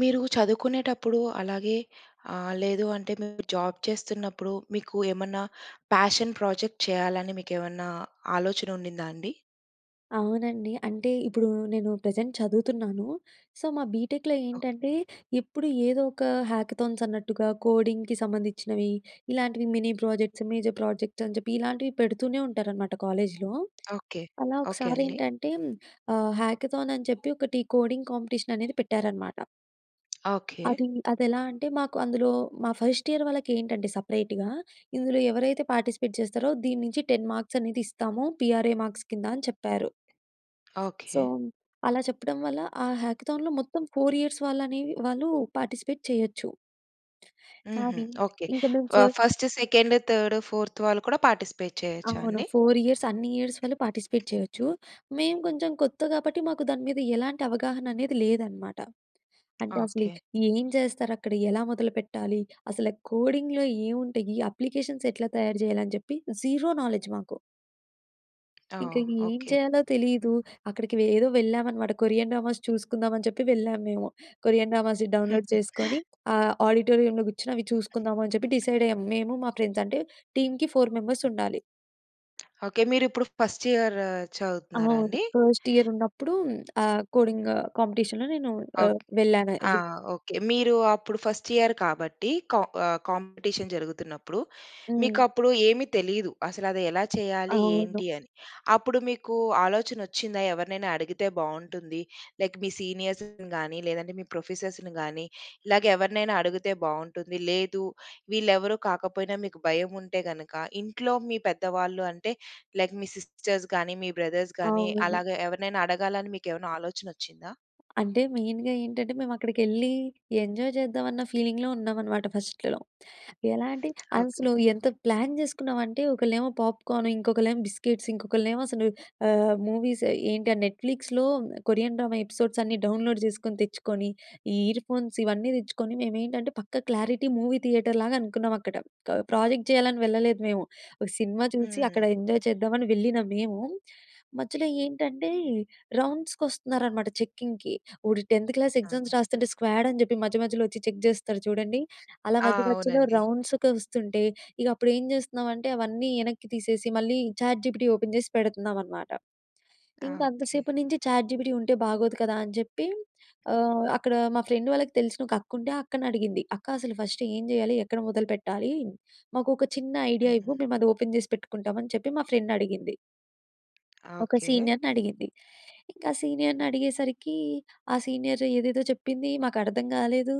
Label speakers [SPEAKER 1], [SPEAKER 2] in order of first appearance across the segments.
[SPEAKER 1] మీరు చదువుకునేటప్పుడూ, అలాగే ఆహ్, లేదు అంటే, మీరు జాబ్ చేస్తున్నప్పుడు, మీకు ఏమన్నా ప్యాషన్ ప్రాజెక్ట్ చేయాలని, మీకేమన్నా ఆలోచనుండిందా అండి?
[SPEAKER 2] అవునండి. అంటే, ఇప్పుడు నేను ప్రెజెంట్ చదువుతున్నాను. సో, మా బీటెక్‌లో
[SPEAKER 1] ఓకే.
[SPEAKER 2] ఏంటంటే, ఎప్పుడు ఏదో ఒక హ్యాకథాన్స్ అన్నట్టుగా కోడింగ్‌కి సంబంధించినవి, ఇలాంటివి మినీ ప్రాజెక్ట్స్, మేజర్ ప్రాజెక్ట్స్ అని చెప్పి, ఇలాంటివి పెడుతూనే ఉంటారన్నమాట, కాలేజ్‌లో.
[SPEAKER 1] ఓకే.
[SPEAKER 2] అలా
[SPEAKER 1] ఓకే అండి.
[SPEAKER 2] ఒకసారేంటంటేం ఆహ్, హ్యాకథాన్ అని చెప్పి ఒకటి కోడింగ్ కాంపిటీషననేది పెట్టారన్నమాట...
[SPEAKER 1] ఓకే.
[SPEAKER 2] అది అదెలా అంటే, మాకు అందులో మా ఫస్ట్ ఇయర్ వాళ్ళకి ఏంటంటే సపరేటుగా, ఇందులో ఎవరైతే పార్టిసిపేట్ జేస్తారో, దీని నుంచి 10 మార్క్స్ అనేది ఇస్తాము. పీఆర్ఏ మార్క్స్ కింద అని చెప్పారు... సో,
[SPEAKER 1] ఓకే.
[SPEAKER 2] అలా చెప్పడం వల్ల ఆ హ్యాకథాన్‌లో మొత్తం 4 ఇయర్స్ వాళ్ళని వాళ్ళు పార్టిసిపేట్ చేయొచ్చు.
[SPEAKER 1] హుహు.
[SPEAKER 2] కానీ,
[SPEAKER 1] ఓకే.
[SPEAKER 2] ఇంకా మేము
[SPEAKER 1] వ
[SPEAKER 2] ఫస్
[SPEAKER 1] ఫస్ట్, సెకండ్, థర్డ్, ఫోర్త్ వాళ్ళు కూడా పార్టిసిపేట్ చేయొచ్చా
[SPEAKER 2] అవును.
[SPEAKER 1] అండి?
[SPEAKER 2] 4 ఇయర్స్ అన్నియర్స్ వాళ్ళు పార్టిసిపేట్ చేయొచ్చు. మేం కొంచెం కొత్త కాబట్టి, మాకు దాని మీద ఎలాంటి అవగాహననేది లేదనమాట. అంటే, అసలి
[SPEAKER 1] ఓకే.
[SPEAKER 2] ఏం చేస్తారక్కడ ఎలా మొదలుపెట్టాలి? అసల కోడింగ్‌లో ఏముంటాయి? అప్లికేషన్స్ ఎట్లా తయారు చేయాలని చెప్పి జీరో నాలెడ్జ్ మాకు. ఇంకా
[SPEAKER 1] ఓహ్!
[SPEAKER 2] ఏం
[SPEAKER 1] ఓకే.
[SPEAKER 2] చేయాలో తెలీదు. అక్కడికి వె ఏదో వెళ్ళామనమాట కొరియన్ డ్రామాస్ చూసుకుందామని చెప్పి వెళ్ళాము మేము. కొరియన్ డ్రామాస్ డౌన్లోడ్ చేసుకొని ఆ ఆడిటోరియంలో కూర్చొని అవి చూసుకుందాము అని చెప్పి డిసైడ్ అయ్యాము మేము మా ఫ్రెండ్స్ అంటే టీంకి 4 మెంబర్స్ ఉండాలి.
[SPEAKER 1] ఓకే. మీరు ఇప్పుడు ఫస్ట్ ఇయర్ చదువుతున్నారా
[SPEAKER 2] అవును.
[SPEAKER 1] అండి?
[SPEAKER 2] ఫస్ట్ ఇయర్ ఉన్నప్పుడు హ్మ్, ఆహ్, కోడింగ్ కాంపిటీషన్‌లో నేను ఆహ్,
[SPEAKER 1] ఓకే.
[SPEAKER 2] వెళ్ళాను.
[SPEAKER 1] ఆ!
[SPEAKER 2] రి
[SPEAKER 1] ఓకే మీరు అప్పుడు ఫస్ట్ ఇయర్ కాబట్టి కా ఆహ్, కాంపిటీషన్ జరుగుతున్నప్పుడు మీకు
[SPEAKER 2] హ్మ్.
[SPEAKER 1] అప్పుడు ఏమి తెలీదు. అసలు అది ఎలా చేయాలి?
[SPEAKER 2] అవును.
[SPEAKER 1] ఏంటి? అని అప్పుడు మీకు ఆలోచన వచ్చిందా? ఎవరినైనా అడిగితే బావుంటుంది. లైక్ మీ సీనియర్స్‌ని గాని, లేదంటే మీ ప్రొఫెసర్స్‌ని గాని, ఇలాగ ఎవరినైనా అడిగితే బావుంటుంది లేదు. వీళ్ళేవరు కాకపోయినా మీకు భయం ఉంటే గనక ఇంట్లో మీ పెద్దవాళ్ళు అంటే లైక్ మీ సిస్టర్స్ గాని, మీ బ్రదర్స్ గాని
[SPEAKER 2] అవును.
[SPEAKER 1] అలాగే ఎవరినైనా అడగాలని మీకు ఏమైనా ఆలోచన వచ్చిందా?
[SPEAKER 2] అంటే మెయిన్‌గ ఏంటంటే మేము అక్కడికెళ్ళి ఎంజాయ్ చేద్దాం అన్న ఫీలింగ్‌లో ఉన్నామనమాట ఫస్ట్‌లో. ఎలాంటే
[SPEAKER 1] ఓకే.
[SPEAKER 2] అసలు ఎంత ప్లాన్ చేసుకున్నామంటే ఒకళ్ళేమో పాప్కార్న్ ఇంకొకళ్ళేమో బిస్కెట్స్ ఇంకొకళ్ళేమో అసలు ఆహ్, మూవీస్ ఏంటి ఆ నెట్‌ఫ్లిక్స్‌లో కొరియన్ డ్రామా ఎపిసోడ్స్ అన్నీ డౌన్లోడ్ చేసుకొని తెచ్చుకొని ఈ ఇయర్ ఫోన్స్ ఇవన్నీ తెచ్చుకొని మేమేంటంటే పక్కా క్లారిటీ మూవీ థియేటర్ లాగా అనుకున్నాం అక్కడ క ప్రాజెక్ట్ చేయాలని వెళ్ళలేదు మేము. ఒక సినిమా చూసి అక్కడ
[SPEAKER 1] హ్మ్.
[SPEAKER 2] ఎంజాయ్ చేద్దామని వెళ్ళిన మేము. మధ్యలో ఏంటంటే రౌండ్స్‌కొస్తున్నారనమాట చెక్కింగ్‌కి ఓడు 10త్ క్లాస్ ఎగ్జామ్స్
[SPEAKER 1] ఆహా!
[SPEAKER 2] రాస్తుంటే స్క్వాడ్ అని చెప్పి మధ్య మధ్యలో వచ్చి చెక్ చేస్తారు చూడండి. అలా
[SPEAKER 1] ఆ!
[SPEAKER 2] మధ్య మధ్యలో
[SPEAKER 1] అవునండి.
[SPEAKER 2] రౌండ్స్‌కి వొస్తుంటే ఇగ అప్పుడు ఏం చేస్తున్నామంటే, అవన్నీ ఎనక్కి తీసేసి మళ్ళీ చాట్‌జీపిటీ ఓపెన్ చేసి పెడుతున్నామనమాట.
[SPEAKER 1] ఆ!
[SPEAKER 2] ఇంకా
[SPEAKER 1] ఓకే.
[SPEAKER 2] అంతసేపు నుంచి చాట్‌జీపిటీ ఉంటే బాగోదు కదా అని చెప్పి ఆహ్, అక్కడ మా ఫ్రెండ్ వాళ్ళకి తెలిసిన ఒక అక్క ఉంటే ఆ అక్కని అడిగింది, అక్క అసలు ఫస్ట్ ఏం చేయాలి? ఎక్కడ మొదలుపెట్టాలి? మాకు ఒక చిన్న ఐడియా ఇవ్వు
[SPEAKER 1] హుహు.
[SPEAKER 2] మేము అది ఓపెన్ జేసి పెట్టుకుంటామని చెప్పి మా ఫ్రెండ్ అడిగింది. ఒక
[SPEAKER 1] ఓకే.
[SPEAKER 2] సీనియర్‌ని అడిగింది. ఇంక ఆ సీనియర్‌ని అడిగేసరికి ఆ సీనియర్ ఏదేదో చెప్పింది. మాకర్థం కాలేదు.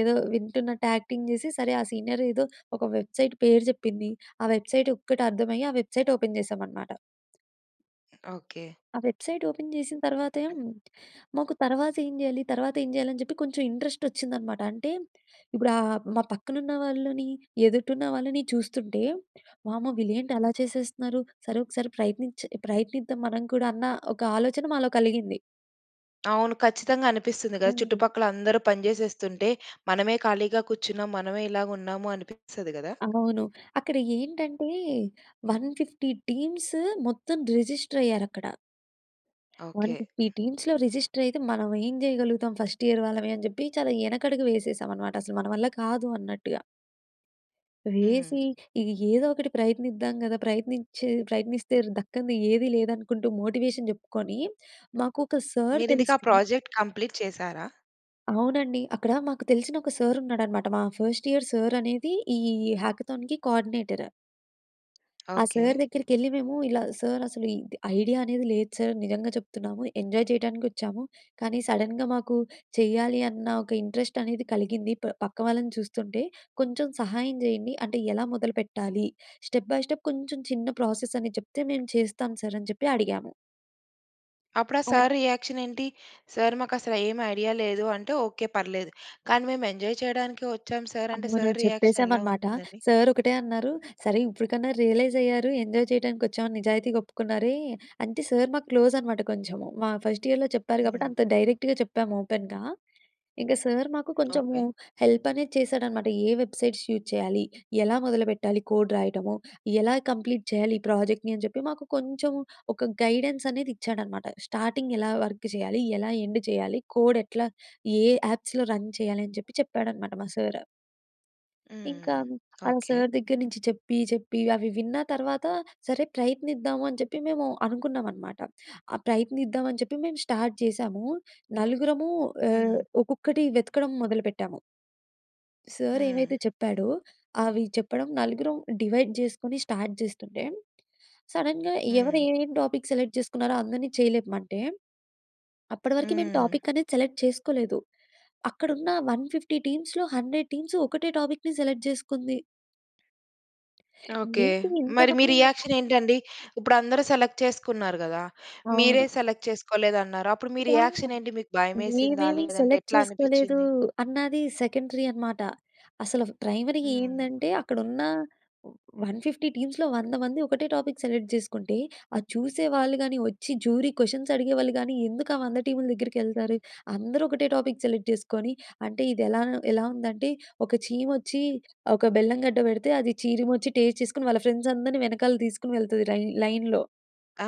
[SPEAKER 2] ఏదో వింటున్నట్టు యాక్టింగ్ జేసి, సరే ఆ సీనియర్ ఏదో ఒక వెబ్‌సైట్ పేరు జెప్పింది. ఆ వెబ్‌సైట్ ఒక్కటి అర్థమయ్యి, ఆ వెబ్‌సైట్ ఓపెన్ జేసామనమాట.
[SPEAKER 1] ఓకే.
[SPEAKER 2] ఆ వెబ్‌సైట్ ఓపెన్ జేసిన తర్వాత హ్మ్, మాకు తర్వాత ఏం జేయాలి? తర్వాత ఏం జేయాలి? అని చెప్పి కొంచెం ఇంట్రెస్ట్ వచ్చిందనమాట. అంటే ఇప్పుడు ఆహ్, మా పక్కన ఉన్న వాళ్ళని, ఎదుటున్న వాళ్ళని చూస్తుంటే, "వామ్మో! వీళ్ళు ఏంటి అలా చేసేస్తున్నారు? సరే! ఒకసారి ప్రయత్నిచే ప్రయత్నిద్దాం మనం కూడా" అన్న ఒక ఆలోచన మాలో కలిగింది.
[SPEAKER 1] అవును. ఖచ్చితంగా అనిపిస్తుంది గదా!
[SPEAKER 2] హ్మ్.
[SPEAKER 1] చుట్టుపక్కల అందరూ పని జేసేస్తుంటే, మనమే ఖాళీగా కూర్చున్నాం. మనమే ఇలాగున్నాము అనిపిస్తది గదా!
[SPEAKER 2] అవును. అక్కడ ఏంటంటే, 150 టీమ్స్ మొత్తం రిజిస్టర్ అయ్యారక్కడ.
[SPEAKER 1] ఓకే.
[SPEAKER 2] 150 టీమ్స్‌లో రిజిస్టర్ అయితే, మనం ఏం జేయగలుగుతాం ఫస్ట్ ఇయర్ వాళ్ళమే? అని జెప్పి చాలా యెనకడుగు వేసేసాం అన్నమాట. అసలు మన వల్ల కాదు అన్నట్టుగా. వేసి
[SPEAKER 1] హ్మ్.
[SPEAKER 2] ఇగ ఏదో ఒకటి ప్రయత్నిద్దాం గదా! ప్రయత్నించే ప్రయత్నిస్తే దక్కని ఏది లేదనుకుంటూ, మోటివేషన్ చెప్పుకొని మాకు ఒక సర్
[SPEAKER 1] మీరు ఇంతకీ ఆ
[SPEAKER 2] తెలిస్తే
[SPEAKER 1] ప్రాజెక్ట్ కంప్లీట్ చేసారా?
[SPEAKER 2] అవునండి. అక్కడ మాకు తెలిసిన ఒక సార్ ఉన్నాడన్నమాట. మా ఫస్ట్ ఇయర్ సార్ అనేది ఈ హ్యాకథాన్‌కి కోర్డినేటర్. ఆ
[SPEAKER 1] ఓకే.
[SPEAKER 2] సార్ దగ్గరికెళ్లి మేము ఇలా సార్ అసలు ఇది ఐడియా అనేది లేదు సార్ నిజంగా చెప్తున్నాము ఎంజాయ్ చేయటానికి వచ్చాము కానీ సడెన్‌గా మాకు చేయాలి అన్న ఒక ఇంట్రెస్ట్ అనేది కలిగింది ప పక్క వాళ్ళని చూస్తుంటే కొంచెం సహాయం చేయండి అంటే ఎలా మొదలుపెట్టాలి స్టెప్ బై స్టెప్ కొంచెం చిన్న ప్రాసెస్ అని చెప్తే మేము చేస్తాం సార్ అని చెప్పి అడిగాము.
[SPEAKER 1] అప్పుడు ఆ
[SPEAKER 2] అ!
[SPEAKER 1] సార్ రియాక్షన్ ఏంటి? సార్ మాకు అసలు ఏమి ఐడియా లేదు అంటే ఒకే పర్లేదు. కానీ మేము ఎంజాయ్ చేయడానికి వచ్చాం సార్ అంటే
[SPEAKER 2] అవును.
[SPEAKER 1] సార్ రియాక్షన్ ఎలా
[SPEAKER 2] చెప్పేసామనమాట.
[SPEAKER 1] ఉందండి?
[SPEAKER 2] సార్ ఒకటే అన్నారు. సరే ఇప్పటికన్నా రియలైజ్ అయ్యారు ఎంజాయ్ చేయడానికి వచ్చామని నిజాయితీగా ఒప్పుకున్నారే. అంటే సార్ మాకు క్లోజ్ అనమాట కొంచెం మా ఫస్ట్ ఇయర్‍లో చెప్పారు కాబట్టి
[SPEAKER 1] హుహు.
[SPEAKER 2] అంత డైరెక్ట్‌గా చెప్పాము ఓపెన్‌గా. ఇంకా సార్ మాకు కొంచెం
[SPEAKER 1] ఓకే.
[SPEAKER 2] హెల్ప్ అనేది చేసాడనమాట ఏ వెబ్‌సైట్స్ యూజ్ చేయాలి ఎలా మొదలుపెట్టాలి కోడ్ రాయటము ఎలా కంప్లీట్ చేయాలి ఈ ప్రాజెక్ట్‌ని అని చెప్పి మాకు కొంచెం ఒక గైడెన్స్ అనేది ఇచ్చాడనమాట. స్టార్టింగ్ ఎలా వర్క్ చేయాలి ఎలా ఎండ్ చేయాలి కోడ్ ఎట్లా ఏ యాప్స్‌లో రన్ చేయాలి అని చెప్పి చెప్పాడనమాట మా సార్. ఇంకా
[SPEAKER 1] హ్మ్.
[SPEAKER 2] ఆహ్,
[SPEAKER 1] ఓకే.
[SPEAKER 2] సార్ దగ్గర నుంచి చెప్పి చెప్పి, అవి విన్న తర్వాత సరే ప్రయత్నిద్దాము అని చెప్పి మేము అనుకున్నామన్నమాట. ఆహ్, ప్రయత్నిద్దామని చెప్పి మేము స్టార్ట్ చేశాము. నలుగురము ఆహ్,
[SPEAKER 1] హ్మ్.
[SPEAKER 2] ఒక్కొక్కటి వెతకడం మొదలుపెట్టాము. సర్ ఏమైతే
[SPEAKER 1] హ్మ్.
[SPEAKER 2] చెప్పాడో, అవి చెప్పడం నలుగురం డివైడ్ చేసుకొని స్టార్ట్ చేస్తుంటే, సడెన్‌గా ఎవరు
[SPEAKER 1] హ్మ్.
[SPEAKER 2] ఏమి టాపిక్ సెలెక్ట్ చేసుకున్నారో అందరిని చేయి లేపమంటే, అప్పటి వరకు మేము
[SPEAKER 1] హ్మ్.
[SPEAKER 2] టాపిక్ అనేది సెలెక్ట్ చేసుకోలేదు. అక్కడ ఉన్న 150 టీమ్స్‌లో 100 టీమ్స్ ఒకటే టాపిక్‌ని సెలెక్ట్ చేసుకుంది.
[SPEAKER 1] ఓకే.
[SPEAKER 2] ఏంటి ఇంత
[SPEAKER 1] మరి మీ
[SPEAKER 2] [unintelligible]
[SPEAKER 1] రియాక్షన్ ఏంటండి? ఇప్పుడు అందరూ సెలెక్ట్ చేసుకున్నారు కదా! మీరే
[SPEAKER 2] అవును.
[SPEAKER 1] సెలెక్ట్ చేసుకోలేదన్నారు. అప్పుడు మీ
[SPEAKER 2] యాహ్!
[SPEAKER 1] రియాక్షన్ ఏంటి? మీకు భయమేసిందా
[SPEAKER 2] మేమేమి
[SPEAKER 1] లేదంటే
[SPEAKER 2] సెలెక్ట్
[SPEAKER 1] ఎట్లా
[SPEAKER 2] చేసుకోలేదు
[SPEAKER 1] అనిపిచ్చింది?
[SPEAKER 2] అన్నది సెకండరీ అన్నమాట. అసలు ప్రైమరీగా
[SPEAKER 1] హ్మ్.
[SPEAKER 2] ఏందంటే అక్కడ ఉన్న 150 టీమ్స్‌లో 100 మంది ఒకటే టాపిక్ సెలెక్ట్ చేసుకుంటే, అది చూసే వాళ్ళు కాని, వచ్చి జ్యూరీ క్వెషన్స్ అడిగేవాళ్ళు కాని ఎందుకు ఆహ్, 100 టీముల దగ్గరికి వెళ్తారు? అందరూ ఒకటే టాపిక్ సెలెక్ట్ చేసుకొని అంటే ఇది ఎలా ఎలా ఉందంటే ఒక చీమచ్చి, ఒక బెల్లం గడ్డ వెడితే, అది చీరిమచ్చి టేస్ట్ చేసుకొని వాళ్ళ ఫ్రెండ్స్ అందరిని వెనకాల తీసుకొని వెళ్తుంది లైన్ లైన్‌లో.
[SPEAKER 1] ఆ!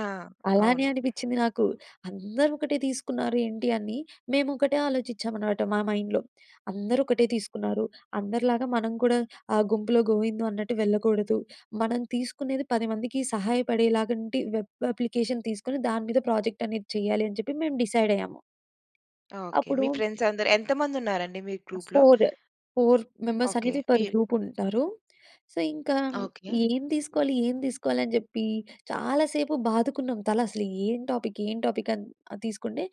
[SPEAKER 2] అలానే
[SPEAKER 1] అవును.
[SPEAKER 2] అనిపించింది నాకు. అందరూ ఒకటే తీసుకున్నారు ఏంటి అని. మేము ఒకటే ఆలోచించామన్నమాట మా మైండ్‌లో. అందరూ ఒకటే తీసుకున్నారు. అందరిలాగా మనం కూడా ఆహ్, గుంపులో గోవిందో అన్నట్టు వెళ్ళకూడదు. మనం తీసుకునేది 10 మందికి సహాయపడేలాగంటి వెబ్ అప్లికేషన్ తీసుకొని, దాని మీద ప్రాజెక్ట్ అనేది చేయాలి అని చెప్పి మేము డిసైడ్ అయ్యాము.
[SPEAKER 1] ఓకే.
[SPEAKER 2] అప్పుడు
[SPEAKER 1] మీ ఫ్రెండ్స్ అందరూ ఎంత మంది ఉన్నారండి మీ గ్రూప్‌లో?
[SPEAKER 2] Four four members
[SPEAKER 1] okay.
[SPEAKER 2] అనేది
[SPEAKER 1] మీ
[SPEAKER 2] పర్ గ్రూప్ ఉంటారు. సో, ఇంకా
[SPEAKER 1] ఓకే.
[SPEAKER 2] ఏం తీసుకోవాలి? ఏం తీసుకోవాలి? అని చెప్పి చాలాసేపు బాదుకున్నాం తల అసలు ఏం టాపిక్ ఏం టాపిక్ అని తీసుకుంటే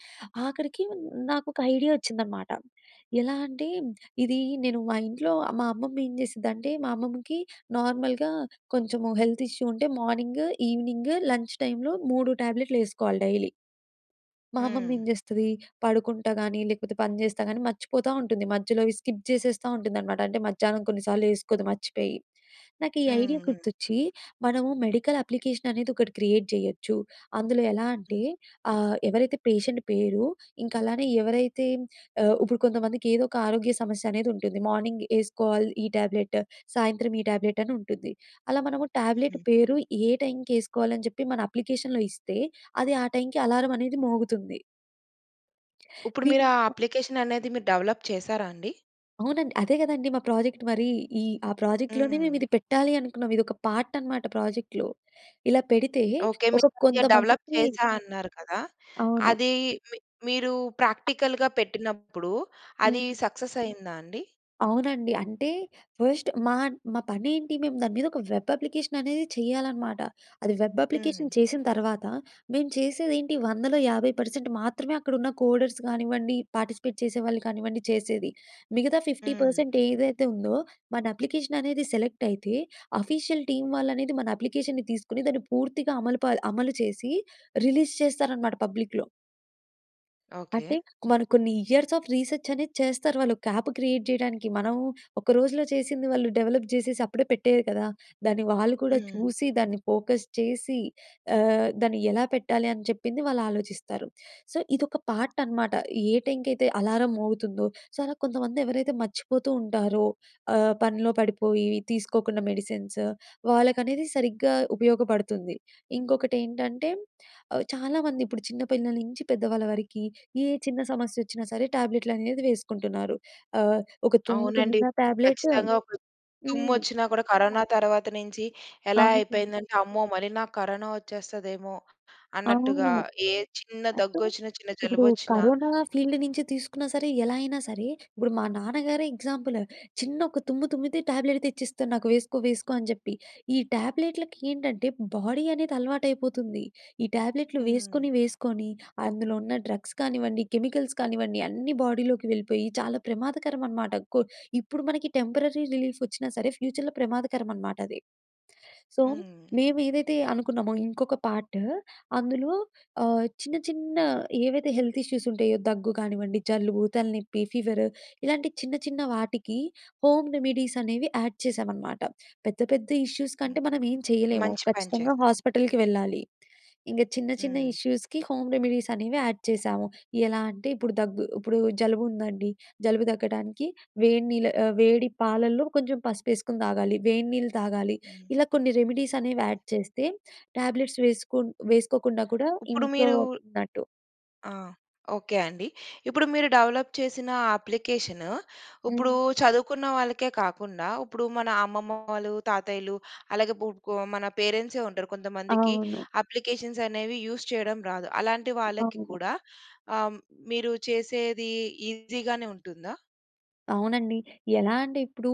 [SPEAKER 2] ఆఖరికి నాకు ఒక ఐడియా వచ్చిందన్నమాట. ఎలా అంటే ఇది నేను మా ఇంట్లో మా అమ్మమ్మ ఏం చేసిందంటే, మా అమ్మమ్మకి నార్మల్‍గా కొంచెం హెల్త్ ఇష్యూ ఉంటే మార్నింగ్, ఈవినింగ్ లంచ్ టైంలో 3 ట్యాబ్లెట్లు వేసుకోవాలి డైలీ. మా అమ్మమ్మ ఏం
[SPEAKER 1] హ్మ్.
[SPEAKER 2] చేస్తది, పడుకుంటా కాని, లేకపోతే పని చేస్తా కాని మర్చిపోతా ఉంటుంది. మధ్యలోవి స్కిప్ చేసేస్తా ఉంటుందన్నమాట. అంటే మధ్యాహ్నం కొన్నిసార్లు వేసుకోదు మర్చిపోయి. నాకు ఈ ఐడియా
[SPEAKER 1] హ్మ్. హ్మ్.
[SPEAKER 2] గుర్తొచ్చి, మనము మెడికల్ అప్లికేషన్ అనేది ఒకటి క్రియేట్ చేయొచ్చు. అందులో ఎలా అంటే
[SPEAKER 1] హ్మ్.
[SPEAKER 2] ఆహ్, ఎవరైతే పేషెంట్ పేరు, ఇంక అలానే ఎవరైతే ఆహ్, ఇప్పుడు కొంతమందికి ఏదోక ఆరోగ్య సమస్య అనేది ఉంటుంది. మార్నింగ్ వేసుకోవాలి ఈ ట్యాబ్లెట్, సాయంత్రం ఈ ట్యాబ్లెట్ అని ఉంటుంది. అలా మనము ట్యాబ్లెట్
[SPEAKER 1] హ్మ్.
[SPEAKER 2] పేరు, ఏ టైంకి వేసుకోవాలి అని చెప్పి మన అప్లికేషన్‍లో ఇస్తే, అది ఆహ్, టైంకి అలారం అనేది మోగుతుంది.
[SPEAKER 1] ఇప్పుడు మీరా ఆ
[SPEAKER 2] మేమింక
[SPEAKER 1] అప్లికేషన్ అనేది మీరు డెవలప్ చేసారా అండి?
[SPEAKER 2] అవునండి. అదే కదండీ మా ప్రొజెక్ట్ మరి. ఈ ఆ ప్రాజెక్ట్‌లోనే మేము
[SPEAKER 1] హ్మ్.
[SPEAKER 2] ఇది పెట్టాలి అనుకున్నాం. ఇది ఒక పార్ట్ అన్నమాట ప్రాజెక్ట్‌లో. ఇలా పెడితే
[SPEAKER 1] ఓకే. మీరు
[SPEAKER 2] అసల
[SPEAKER 1] అది డెవలప్
[SPEAKER 2] కొంతమందికి
[SPEAKER 1] చేశానన్నారు కదా!
[SPEAKER 2] అవును.
[SPEAKER 1] అది మి మీరు ప్రాక్టికల్‌గా పెట్టినప్పుడు అది
[SPEAKER 2] హ్మ్.
[SPEAKER 1] సక్సెస్ అయిందా అండి?
[SPEAKER 2] అవునండి. అంటే, ఫస్ట్ మా మా పని ఏంటి మేము దాని మీద ఒక వెబ్ అప్లికేషన్ అనేది చేయాలనమాట. అది వెబ్ అప్లికేషన్
[SPEAKER 1] హ్మ్.
[SPEAKER 2] చేసిన తర్వాత, మేము చేసేది ఏంటి? 100 లో, 50% మాత్రమే అక్కడ ఉన్న కోడర్స్ కానివ్వండి, పార్టిసిపేట్ చేసేవాళ్ళు కానివ్వండి చేసేది. మిగతా ఫిఫ్టీ
[SPEAKER 1] హ్మ్.
[SPEAKER 2] పర్సెంట్ ఏదైతే ఉందో, మన అప్లికేషన్ అనేది సెలెక్ట్ అయితే, అఫీషియల్ టీమ్ వాళ్ళు అనేది మన అప్లికేషన్‌ని తీసుకొని, దాన్ని పూర్తిగా అమలు ప అమలు చేసి రిలీజ్ చేస్తారనమాట పబ్లిక్‌లో. అంటే,
[SPEAKER 1] ఓకే.
[SPEAKER 2] మనం కొన్ని ఇయర్స్ ఆఫ్ రీసర్చ్ అనేది చేస్తారు. వాళ్ళు ఒక్క యాప్ క్రియేట్ చేయడానికి. మనం ఒక రోజులో చేసింది వాళ్ళు డెవలప్ చేసేసి, అప్పుడే పెట్టేయరు కదా! దాన్ని వాళ్ళు కూడా
[SPEAKER 1] హ్మ్.
[SPEAKER 2] చూసి, దాన్ని ఫోకస్ చేసి, ఆహ్, దాన్ని ఎలా పెట్టాలి? అని చెప్పింది వాళ్ళు ఆలోచిస్తారు. సో, ఇదొక పార్ట్ అన్నమాట. ఏ టైమ్‌కి అయితే అలారం మోగుతుందో. సో, కొంతమంది ఎవరైతే మర్చిపోతూ ఉంటారో, ఆహ్, పనిలో పడిపోయి, తీసుకోకుండా మెడిసిన్స్. వాళ్ళకనేది సరిగ్గా ఉపయోగపడుతుంది. ఇంకొకటి ఏంటంటే ఆహ్, చాలామంది ఇప్పుడు చిన్న పిల్లల నుంచి పెద్దవాళ్ళ వరకి, ఏ చిన్న సమస్య వచ్చినా సరే ట్యాబ్లెట్‍లు అనేవి వేసుకుంటున్నారు. ఆహ్, ఒక తుమ్ము
[SPEAKER 1] అవునండి.
[SPEAKER 2] తుమ్మినా టాబ్లెట్టు
[SPEAKER 1] ఖచ్చితంగా ఒక
[SPEAKER 2] హ్మ్.
[SPEAKER 1] తుమ్మొచ్చినా కూడా కరోనా తర్వాత నుంచి ఎలా
[SPEAKER 2] అవునండి.
[SPEAKER 1] అయిపోయిందంటే, అమ్మో! మళ్ళీ నాకు కరోనా వచ్చేస్తదేమో, అన్నట్టుగా
[SPEAKER 2] అవును.
[SPEAKER 1] ఏ చిన్న
[SPEAKER 2] అంటే
[SPEAKER 1] దగ్గు వచ్చిన చిన్న
[SPEAKER 2] ఇప్పుడు
[SPEAKER 1] జలుబు వచ్చినా
[SPEAKER 2] కరోనా ఫీల్డ్ నుంచి తీసుకున్నా సరే, ఎలా అయినా సరే, ఇప్పుడు మా నాన్నగారే ఎగ్జాంపుల్. చిన్న ఒక తుమ్ము తుమ్మితే ట్యాబ్లెట్ తెచ్చిస్తారు నాకు వేసుకో, వేసుకో అని చెప్పి. ఈ ట్యాబ్లెట్లకి ఏంటంటే బాడీ అనేది అలవాటైపోతుంది. ఈ ట్యాబ్లెట్‌లు
[SPEAKER 1] హ్మ్.
[SPEAKER 2] వేసుకొని, వేసుకొని అందులో ఉన్న డ్రగ్స్ కానివ్వండి, కెమికల్స్ కానివ్వండి అన్నీ బాడీలోకి వెళ్ళిపోయి, చాలా ప్రమాదకరం అనమాట. కొ ఇప్పుడు మనకి టెంపరరీ రిలీఫ్ వచ్చినా సరే, ఫ్యూచర్‍లో ప్రమాదకరం అనమాట అది. సో,
[SPEAKER 1] హ్మ్.
[SPEAKER 2] మేము ఏదైతే అనుకున్నామో, ఇంకొక పార్టు. అందులో ఆహ్, చిన్న, చిన్న ఏవైతే హెల్త్ ఇష్యూస్ ఉంటాయో, దగ్గు కానివ్వండి జలుబు, తలనొప్పి ఫీవర్ ఇలాంటి చిన్న చిన్న వాటికి హోమ్ రెమెడీస్ అనేవి యాడ్ చేసామనమాట. పెద్ద, పెద్ద ఇష్యూస్
[SPEAKER 1] హ్మ్.
[SPEAKER 2] కంటే మనం ఏం చేయలేము.
[SPEAKER 1] మంచి పని
[SPEAKER 2] ఖచ్చితంగా
[SPEAKER 1] చేసారు.
[SPEAKER 2] హాస్పిటల్‍కి వెళ్ళాలి. ఇంక చిన్న, చిన్న
[SPEAKER 1] హ్మ్.
[SPEAKER 2] ఇష్యూస్‌కి హోమ్ రెమెడీస్ అనేవి యాడ్ చేసాము. ఎలా అంటే ఇప్పుడు దగ్గు ఇప్పుడు జలుబు ఉందండి. జలుబు తగ్గడానికి వేడి నీళ్ల ఆహ్, వేడి పాలలో కొంచెం పసుపు వేసుకొని తాగాలి. వేడి నీళ్లు తాగాలి.
[SPEAKER 1] హ్మ్.
[SPEAKER 2] ఇలా కొన్ని రెమిడీస్ అనేవి యాడ్ చేస్తే ట్యాబ్లెట్స్ వేసుకు వేసుకోకుండా కూడా
[SPEAKER 1] ఇప్పుడు
[SPEAKER 2] ఇంట్లో
[SPEAKER 1] మీరూ
[SPEAKER 2] ఉన్నట్టు.
[SPEAKER 1] ఆహ్, ఓకే. అండి. ఇప్పుడు మీరు డెవలప్ చేసిన అప్లికేషను ఇప్పుడు
[SPEAKER 2] హ్మ్.
[SPEAKER 1] చదువుకున్న వాళ్ళకే కాకుండా, ఇప్పుడు మన అమ్మమ్మవాలు, తాతయ్యలు అలాగే గు గొ మన పేరెంట్సే ఉంటారు. కొంతమందికి
[SPEAKER 2] అవును.
[SPEAKER 1] అప్లికేషన్స్ అనేవి యూస్ చేయడం రాదు. అలాంటి వాళ్ళకి
[SPEAKER 2] అవును.
[SPEAKER 1] కూడా ఆహ్, మీరు చేసేది ఈజీగానే ఉంటుందా?
[SPEAKER 2] అవునండి. ఎలా అంటే, ఇప్పుడూ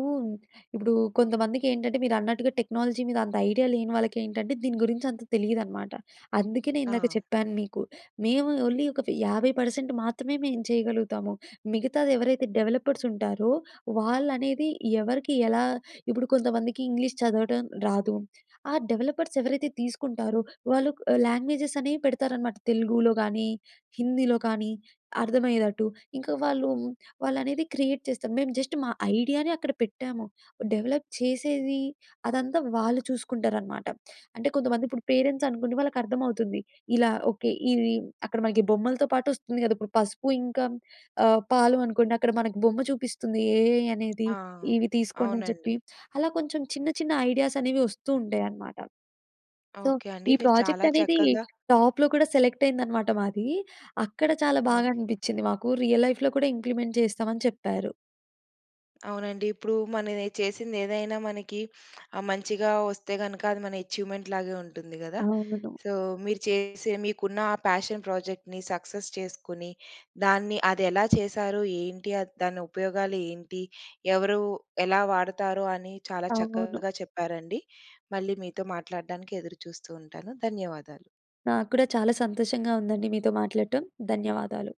[SPEAKER 2] ఇప్పుడూ కొంతమందికేంటంటే, మీరన్నట్టుగ టెక్నాలజీ మీద అంత ఐడియా లేని వాళ్ళకేంటంటే, దీని గురించంత తెలియదనమాట. అందుకనే, ఇందాక
[SPEAKER 1] ఆ!
[SPEAKER 2] చెప్పాను మీకు. మేము ఓన్లీ ఒక ఫి 50% మాత్రమే మేం చేయగలుగుతాము. మిగతాది ఎవరైతే డెవలపర్సుంటారో, వాళ్ళనేది ఎవరికి ఎలా ఇప్పుడు కొంతమందికి ఇంగ్లీష్ చదవటం రాదు. ఆ డెవలపర్స్ ఎవరైతే తీసుకుంటారో, వాళ్ళు లాంగ్వేజెస్ అనే పెడతారనమాట. తెలుగూలో గానీ, హిందీలో కానీ, అర్థమయ్యేదట్టు. ఇంక వాళ్ళు వాళ్ళనేది క్రియేట్ చేస్తాం. మేము జస్ట్ మా ఐడియానే అక్కడ పెట్టాము. డెవలప్ చేసేవి, అదంతా వాళ్ళు చూసుకుంటారనమాట. అంటే కొంతమందిప్పుడు పేరెంట్స్ అనుకొండి వాళ్ళకర్థమవుతుంది. ఇలా ఓకే. ఇవి అక్కడ మనకి బొమ్మలతో పాటొస్తుంది కదా! ఇప్పుడు పసుపు, ఇంక ఆహ్, పాలు అనుకోండి. అక్కడ మనకు బొమ్మ చూపిస్తుంది ఏఐ అనేది,
[SPEAKER 1] ఆ!
[SPEAKER 2] ఇవి తీసుకోండి అని
[SPEAKER 1] అవునండి.
[SPEAKER 2] చెప్పి. అలా, కొంచెం చిన్న చిన్న ఐడియాసనేవి వస్తూ ఉంటాయనమాట. సో,
[SPEAKER 1] ఓకే అండి.
[SPEAKER 2] ఈ
[SPEAKER 1] మీరు చాలా
[SPEAKER 2] ప్రాజెక్టనేది,
[SPEAKER 1] చక్కగా
[SPEAKER 2] టాప్‌లో కూడా, సెలెక్ట్ అయిందనమాట మాది. అక్కడ చాలా
[SPEAKER 1] ఓక్
[SPEAKER 2] బాగా అనిపిచ్చింది మాకు. రియల్ లైఫ్‌లో కూడ, ఇంప్లిమెంట్ చేస్తమని చెప్పారు.
[SPEAKER 1] అవునండి. ఇప్పుడూ మనవే చేసిందేదైనా, మనకి ఆహ్, మంచిగా వస్తే గనక అది మన ఎఛీవ్‌మెంట్‌ లాగే ఉంటుంది గదా!
[SPEAKER 2] అవును.
[SPEAKER 1] సో, మీరు చేసే మీకున్నఆ పేషన్ ప్రాజెక్ట్‌ని, సక్సెస్ చేసుకుని, దాన్ని అదెలా చేశారు ఏంటి? అద్ దానుపయోగాలు ఏంటి? ఎవరు ఎలా వాడతారు? అని చాలా
[SPEAKER 2] అవును.
[SPEAKER 1] చక్కగా చెప్పారండి. మళ్ళీ మీతో మాట్లాడడానికి ఎదురుచూస్తూ ఉంటాను. ధన్యవాదాలు.
[SPEAKER 2] నాక్కూడా చాలా సంతోషంగా ఉందండి మీతో మాట్లాడటం. ధన్యవాదాలు.